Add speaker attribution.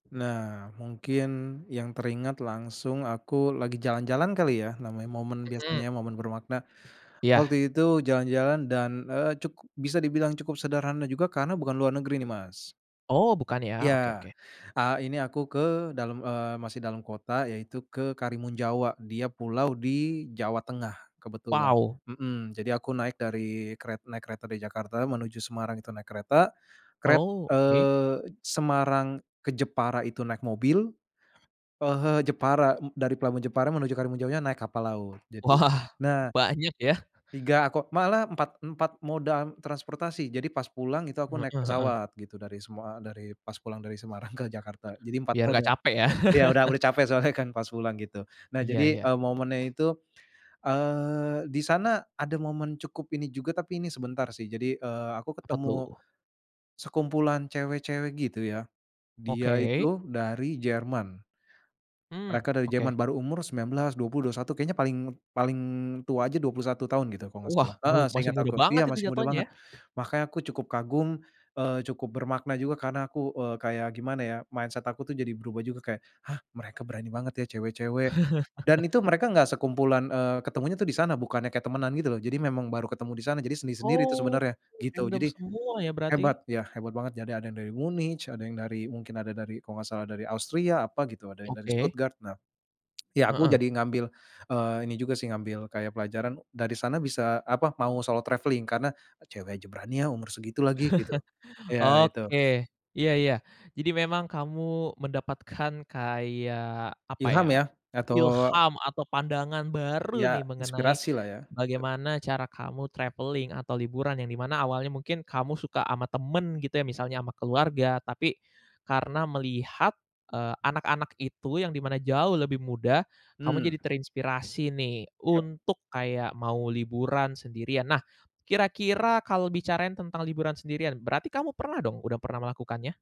Speaker 1: Nah mungkin yang teringat langsung aku lagi jalan-jalan kali ya namanya momen
Speaker 2: Mhm.
Speaker 1: biasanya momen bermakna, waktu
Speaker 2: Iya.
Speaker 1: itu jalan-jalan dan, eee, cukup bisa dibilang cukup sederhana juga karena bukan luar negeri nih, Mas.
Speaker 2: Oh bukan ya?
Speaker 1: Iya,
Speaker 2: oke oke.
Speaker 1: eee, ini aku ke dalem, eee, masih dalam kota yaitu ke Karimun Jawa dia pulau di Jawa Tengah kebetulan,
Speaker 2: Wow.
Speaker 1: mhm, jadi aku naik dari keret naik kereta dari Jakarta menuju Semarang itu naik kereta, keret
Speaker 2: Oh oke.
Speaker 1: eee, Semarang ke Jepara itu naik mobil, eee, he Jepara m dari pelabuhan Jepara menuju Karimun Jawanya naik kapal laut jadi
Speaker 2: Wah
Speaker 1: nah.
Speaker 2: banyak ya?
Speaker 1: 3 kok malah empat empat moda transportasi jadi pas pulang itu aku
Speaker 2: Mmm,
Speaker 1: naik
Speaker 2: heeh.
Speaker 1: pesawat gitu dari semua dari pas pulang dari Semarang ke Jakarta jadi 4
Speaker 2: Biar
Speaker 1: moda,
Speaker 2: nggak capek ya.
Speaker 1: iya udah udah capek soalnya kan pas pulang gitu nah
Speaker 2: Iya
Speaker 1: jadi,
Speaker 2: iya.
Speaker 1: eee, momennya itu, eee, disana ada momen cukup ini juga tapi ini sebentar sih jadi, eee, aku
Speaker 2: Apa
Speaker 1: ketemu,
Speaker 2: tuh?
Speaker 1: sekumpulan cewek-cewek gitu ya, dia
Speaker 2: Oke?
Speaker 1: itu dari Jerman.
Speaker 2: Mmm,
Speaker 1: Mereka dari Jerman
Speaker 2: oke.
Speaker 1: baru umur 19, 20, 21 kayaknya paling paling tua aja 21 tahun gitu kalau nggak
Speaker 2: Wah
Speaker 1: salah, heeh,
Speaker 2: melu masih
Speaker 1: seinget
Speaker 2: muda
Speaker 1: aku
Speaker 2: banget
Speaker 1: iya
Speaker 2: itu
Speaker 1: masih muda
Speaker 2: jatuhnya
Speaker 1: banget
Speaker 2: ya?
Speaker 1: makanya aku cukup kagum, eee, cukup bermakna juga karena aku, eee, kayak gimana ya mindset aku tuh jadi berubah juga kayak, "Hah, mereka berani banget ya cewek-cewek," dan itu mereka gak sekumpulan, eee, ketemunya tuh disana bukannya kayak temenan gitu loh jadi memang baru ketemu disana jadi sendiri-sendiri tuh
Speaker 2: Oh
Speaker 1: sebenarnya gitu
Speaker 2: random
Speaker 1: jadi,
Speaker 2: semua ya berarti?
Speaker 1: hebat ya hebat banget jadi ada yang dari Munich ada yang dari mungkin ada dari kalau gak salah dari Austria apa gitu ada yang dari
Speaker 2: Oke.
Speaker 1: Stuttgart nah, ya aku
Speaker 2: Heeh.
Speaker 1: jadi ngambil, eee, ini juga sih ngambil kayak pelajaran dari sana bisa apa mau solo travelling karena, cewek aja berani ya umur segitu lagi gitu, iya itu.
Speaker 2: Oke iya iya, jadi memang kamu mendapatkan kayak apa
Speaker 1: Ilham
Speaker 2: ya?
Speaker 1: ya atau
Speaker 2: Ilham atau pandangan baru
Speaker 1: ya
Speaker 2: nih mengenai,
Speaker 1: inspirasi lah ya. [unintelligible]
Speaker 2: bagaimana cara kamu travelling atau liburan yang dimana awalnya mungkin kamu suka ama temen gitu ya misalnya sama keluarga tapi, karena melihat, eee, anak-anak itu yang dimana jauh lebih muda, kamu
Speaker 1: Mmm.
Speaker 2: jadi terinspirasi nih
Speaker 1: Ya.
Speaker 2: untuk kayak mau liburan sendirian nah, kira-kira kalau bicarain tentang liburan sendirian berarti kamu pernah dong? Udah pernah melakukannya?